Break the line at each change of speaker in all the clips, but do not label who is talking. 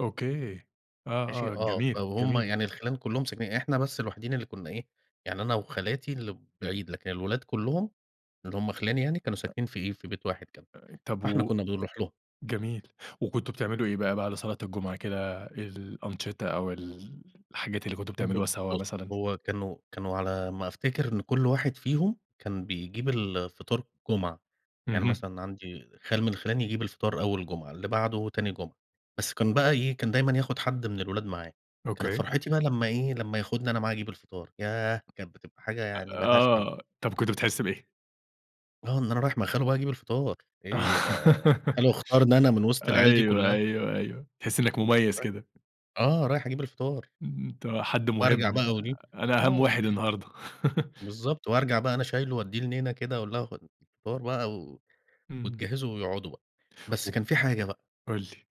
أوكي،
ماشي
آه آه،
آه، ف
جميل
وهُم
جميل.
يعني الخِلَان كلهم ساكنين إحنا بس الوحيدين اللي كنا إيه، يعني أنا وخالاتي اللي بعيد لكن الولاد كلهم اللي هُم خِلَاني يعني كانوا
[unintelligible]
ساكنين في إيه، في بيت واحد كده.
آآ، طب
فإحنا
و
كنا بنروح لهم.
جميل، وكنتم بتعملوا إيه بقى بعد صلاة الجمعة كده؟ الأنشِطة أو ال الحاجات اللي كنتم
ب
بتعملوها سوا
بُص
مثلًا؟
هو كانوا كانوا على ما افتكَر إن كل واحد فيهم كان بيجِيب الفطار الجمعة. يعني
اهم.
مثلًا عندي خال من خِلَاني يجِيب الفطار أول جمعة، اللي بعده تاني جمعة. بس كان بقى إيه، كان دايمًا ياخُد حد من الولاد معاه. كانت
أوكي.
فَرحتي بقى لما إيه، لما ياخُدني أنا معاه أجِيب الفطار ياه، كانت بتبقى حاجة
آآ،
يعني ما لهاش حل.
آه، طب كنت بتحِس بإيه؟
آه، إن أنا رايِح مع خالو بقى أجِيب الفطار. إيه ده، خالو اختارَني أنا من وسط العِيَال دي
أيوه،
كلها.
أيوه، أيوه، بتحِس إنّك مميَّز
[unintelligible]
كده.
آه، رايح أجِيب الفطار.
إمم، أنتَ حد
وأرجع
مُهِم.
بقى
آآ،
وإيه
أنا أهَم
آه،
واحد
وب
النهارده.
بالضبط، وأرجع بقى أنا شايِله وادِيه لنينا كده وأقول لها: "خُدي الفطار بقى."، و
اهم.
وتجهّزه ويقعُدوا بقى.
و
بس كان في حاجة بقى
قُل لي.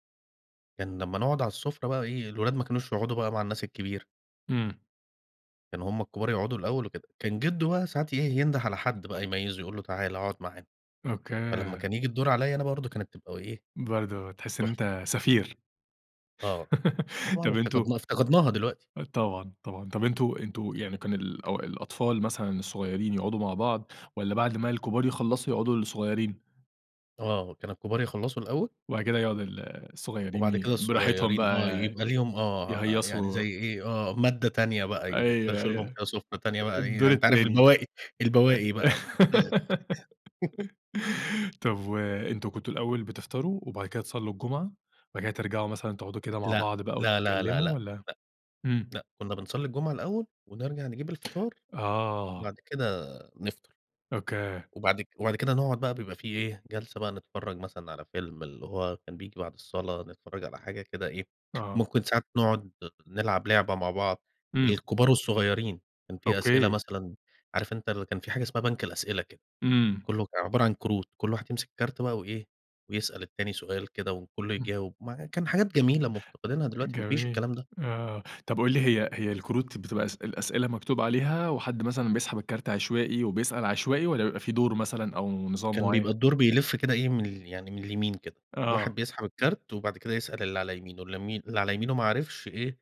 كان لما نقعُد على السُّفرة بقى إيه، الولاد ما كانوش يقعُدوا بقى مع الناس الكِبيرة.
إمم.
كانوا هُم الكبار يقعُدوا الأول وكده. كان جدو بقى ساعات إيه ينُده على حد بقى يميِّزه، يقول له: "تعالَ، اقعد معانا." فلما
أوكي.
كان ييجِي الدَور عليّا أنا برضه كانت تبقى إيه،
برضه تحِس إن
تُحفة.
أنتَ سفِير.
آه، طبعًا
طب أنتم
افتقَدنا افتقَدناها دلوقتي.
طبعًا طبعًا، طب أنتُم أنتُم يعني كان الأو الأطفَال مثلًا الصغيرين يقعُدوا مع بعض، والّا بعد ما الكبار يخلَّصوا يقعُدوا الصغيرين؟
آه، كان الكبار يخلّصوا الأول
وبعد كده يقعُد ال الصغيرين
وبعد
ي
كده
براحتهم
الصغيرين،
بقى
آه، يبقى ليهم آه، يعني
يهيّصوا
زي إيه، آه، مادّة تانية بقى. يفر
أيوه
يفرشوا لهم
أيوه،
كده سفرة تانية بقى إيه، يعني
الدور
أنت عارف
التاني.
البواقِي البواقِي بقى [unintelligible]
طب وأنتم كنتم الأول بتفطَروا وبعد كده تصلّوا الجمعة، وبعد كده ترجَعوا مثلًا تقعدوا كده مع
لأ،
بعض بقى
لا لا لا
وتتكلموا،
لا،
والّا؟ إمم.
لأ، كنا بنصَلِّي الجمعة الأول، ونرجَع نجِيب الفطار،
آه.
وبعد كده نفطَر،
أوكي.
وبعد كد وبعد كده نقعُد بقى، بيبقى في إيه جلسة بقى، نتفرَّج مثلًا على فيلم اللي هو كان بييجي بعد الصلاة، نتفرَّج على حاجة كده إيه.
آه.
ممكن ساعات نقعُد نلعَب لعبة مع بعض،
إمم.
الكبار والصغيرين. كان في أسئِلة
أوكي.
مثلًا، عارف أنتَ ال كان في حاجة اسمها بنك الأسئِلة كده،
إمم.
كله عبارة عن كروت، كل واحد يمسِك كارت بقى وإيه، ويسأَل التاني سؤال كده، وكله
[unintelligible]
يجاوِب. م كان حاجات جميلة مفتقِدينها دلوقتي، ما فيش
جميل،
الكلام ده.
آه طب قُل لي، هي هي الكروت بتبقى اسئ الأسئلة مكتُوب عليها، وحد مثلًا بيسحَب الكارت عشوائي، وبيسأَل عشوائي، والّا بيبقى في دَور مثلًا أو نظام
كان بيبقى
معيَّن؟
الدَور بيلِف كده إيه، من ال يعني من اليمين كده، الواحد
آه.
بيسحَب الكارت، وبعد كده يسأَل اللي على يمينه، اللي م على يمينه ما عرَفش إيه،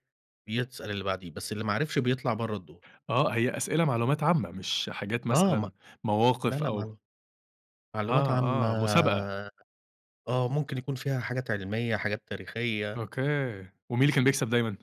يسأَل اللي بعدِيه، بس اللي ما عرَفش بيطلَع برّه الدَور.
آه هي أسئلة معلومات عامة، مش حاجات
آه ما
مثلًا
لا
مواقف
لأ،
أو
معلوم معلومات
آه
عامة
آه، مسابقة.
آه، ممكن يكون فيها حاجات علمية، حاجات تاريخية.
أوكي، ومين اللي كان بيكسب دايمًا؟